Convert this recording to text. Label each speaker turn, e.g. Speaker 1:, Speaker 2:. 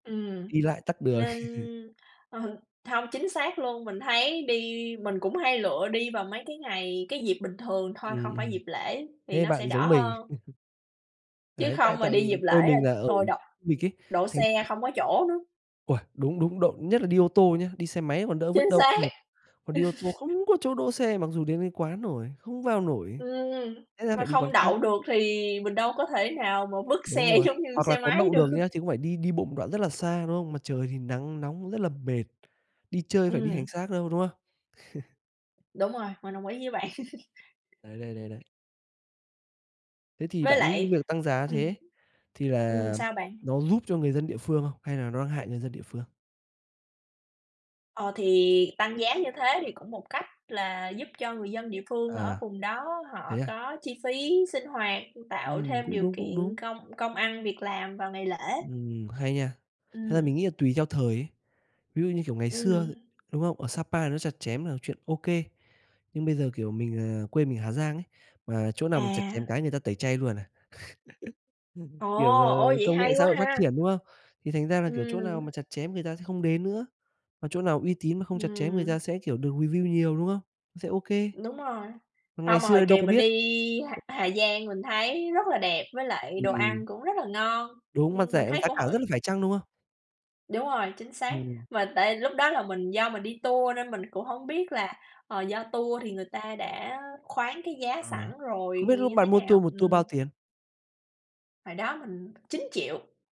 Speaker 1: Ừm,
Speaker 2: Đi lại tắc đường.
Speaker 1: nên, ờ, hông, chính xác luôn, mình thấy đi mình cũng hay lựa đi vào mấy cái ngày, cái dịp bình thường thôi,
Speaker 2: Ừm,
Speaker 1: không phải
Speaker 2: ừm.
Speaker 1: dịp lễ thì
Speaker 2: Thế
Speaker 1: nó sẽ
Speaker 2: bạn
Speaker 1: đỡ
Speaker 2: giống mình.
Speaker 1: hơn. Chứ
Speaker 2: Đấy, tại
Speaker 1: không mà
Speaker 2: tại
Speaker 1: đi dịp
Speaker 2: quê
Speaker 1: lễ là
Speaker 2: mình là ở khu
Speaker 1: thôi đ
Speaker 2: du lịch ấy,
Speaker 1: đỗ
Speaker 2: thành ra
Speaker 1: xe không có chỗ nữa.
Speaker 2: Uầy, đúng, đúng, đậu nhất là đi ô tô nhá. Đi xe máy còn đỡ, vứt
Speaker 1: Chính
Speaker 2: đâu cũng
Speaker 1: xác!
Speaker 2: được, còn đi ô tô không có chỗ đỗ xe, mặc dù đến tới quán rồi, không vào nổi,
Speaker 1: Ừm,
Speaker 2: thế là
Speaker 1: mà
Speaker 2: phải đi quán
Speaker 1: không
Speaker 2: khác.
Speaker 1: đậu được thì mình đâu có thể nào mà vứt
Speaker 2: Đúng
Speaker 1: xe
Speaker 2: rồi,
Speaker 1: giống như
Speaker 2: hoặc là
Speaker 1: xe
Speaker 2: có
Speaker 1: máy
Speaker 2: đậu
Speaker 1: được.
Speaker 2: được nhá thì cũng phải đi đi bộ một đoạn rất là xa, đúng không? Mà trời thì nắng nóng rất là mệt, đi chơi phải đi hành
Speaker 1: Ừm.
Speaker 2: xác đâu, đúng không?
Speaker 1: Đúng rồi, mình đồng ý với bạn.
Speaker 2: Đấy, đấy, đấy, đấy. Thế thì
Speaker 1: Với
Speaker 2: bạn nghĩ cái
Speaker 1: lại
Speaker 2: việc tăng giá
Speaker 1: ừm.
Speaker 2: thế thì
Speaker 1: Ừm,
Speaker 2: là
Speaker 1: sao bạn?
Speaker 2: nó giúp cho người dân địa phương không hay là nó đang hại người dân địa phương?
Speaker 1: Ờ thì, tăng giá như thế thì cũng một cách là giúp cho người dân địa phương ở
Speaker 2: À.
Speaker 1: vùng đó họ
Speaker 2: Thế à?
Speaker 1: có chi phí sinh hoạt, tạo
Speaker 2: Ừm,
Speaker 1: thêm
Speaker 2: cũng
Speaker 1: điều
Speaker 2: đúng, cũng
Speaker 1: kiện
Speaker 2: đúng.
Speaker 1: công công ăn việc làm vào ngày lễ.
Speaker 2: Ừm, hay nha! Thật ra
Speaker 1: Ừm.
Speaker 2: mình nghĩ là tùy theo thời ấy. Ví dụ như, kiểu, ngày xưa,
Speaker 1: Ừm.
Speaker 2: đúng không, ở Sa Pa nó chặt chém là chuyện OK. Nhưng bây giờ, kiểu, mình là quê mình Hà Giang ấy, mà chỗ nào mà chặt chém
Speaker 1: À.
Speaker 2: cái người ta tẩy chay luôn à.
Speaker 1: Ồ!
Speaker 2: Kiểu
Speaker 1: Ô,
Speaker 2: là
Speaker 1: vậy
Speaker 2: công nghệ
Speaker 1: hay
Speaker 2: xã
Speaker 1: quá
Speaker 2: hội phát
Speaker 1: ha!
Speaker 2: triển, đúng không? Thì thành ra là, kiểu, chỗ nào mà
Speaker 1: Ừm.
Speaker 2: chặt chém người ta sẽ không đến nữa, mà chỗ nào uy tín mà không chặt chém người
Speaker 1: Ừm.
Speaker 2: ta sẽ, kiểu, được review nhiều, đúng không? Nó sẽ OK.
Speaker 1: Đúng rồi.
Speaker 2: Còn ngày
Speaker 1: Không mà hồi
Speaker 2: xưa đâu
Speaker 1: kìa
Speaker 2: có
Speaker 1: mình
Speaker 2: biết.
Speaker 1: đi Hà Hà Giang mình thấy rất là đẹp với lại đồ
Speaker 2: Ừm.
Speaker 1: ăn cũng rất là ngon.
Speaker 2: Đúng, mà
Speaker 1: Ưm, mình
Speaker 2: rẻ,
Speaker 1: thấy
Speaker 2: giá
Speaker 1: cũng
Speaker 2: cả
Speaker 1: hỏi
Speaker 2: rất là phải chăng, đúng không?
Speaker 1: Đúng rồi, chính xác.
Speaker 2: Ừm.
Speaker 1: Mà tại lúc đó là mình do mình đi tour nên mình cũng hổng biết là, ờ, do tour thì người ta đã khoán cái giá
Speaker 2: Ờ,
Speaker 1: sẵn rồi
Speaker 2: không biết
Speaker 1: thì
Speaker 2: lúc
Speaker 1: như thế
Speaker 2: bạn mua
Speaker 1: nào,
Speaker 2: tour 1 tour
Speaker 1: ừm.
Speaker 2: bao tiền?
Speaker 1: Hồi đó mình 9.000.000.